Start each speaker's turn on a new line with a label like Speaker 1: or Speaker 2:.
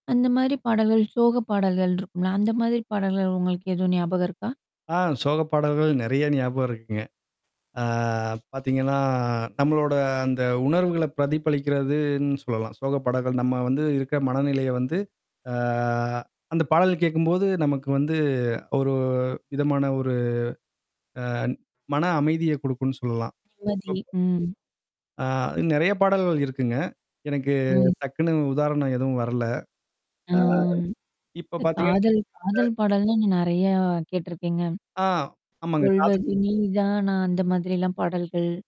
Speaker 1: அந்த மாரி பாடல்கள், சோக பாடல்கள் இருக்கும்ல? அந்த மாதிரி பாடல்கள் உங்களுக்கு எதுவும் ஞாபகம் இருக்கா?
Speaker 2: ஆ, சோக பாடல்கள் நெறைய ஞாபகம் இருக்குங்க. ஆ பாத்தீங்கன்னா, நம்மளோட அந்த உணர்வுகள பிரதிபலிக்கிறதுன்னு சொல்லலாம். சோக படங்கள் நம்ம வந்து இருக்க மனநிலைய வந்து ஆ அந்த பாடல் கேட்கும்போது நமக்கு வந்து, ஒரு விதமான ஒரு அ மன அமைதிய குடுக்கும்னு சொல்லலாம்.
Speaker 1: நிம்மதி.
Speaker 2: பப்
Speaker 1: ம்.
Speaker 2: ஆ நெறைய பாடல்கள் இருக்குங்க. எனக்கு
Speaker 1: ம்.
Speaker 2: டக்குன்னு உதாரணம் எதுவும் வரல. ஆ
Speaker 1: ஆம்.
Speaker 2: இப்ப
Speaker 1: இந்த
Speaker 2: பார்த்தீங்கன்னா,
Speaker 1: காதல்
Speaker 2: அ
Speaker 1: காதல் பாடல்தான் நான் நெறைய கேட்டுருக்கேங்க.
Speaker 2: ஆ, ஆமாங்க. காத
Speaker 1: சொல்வது நீதானா? அந்த மாதிரிலாம் பாடல்கள்.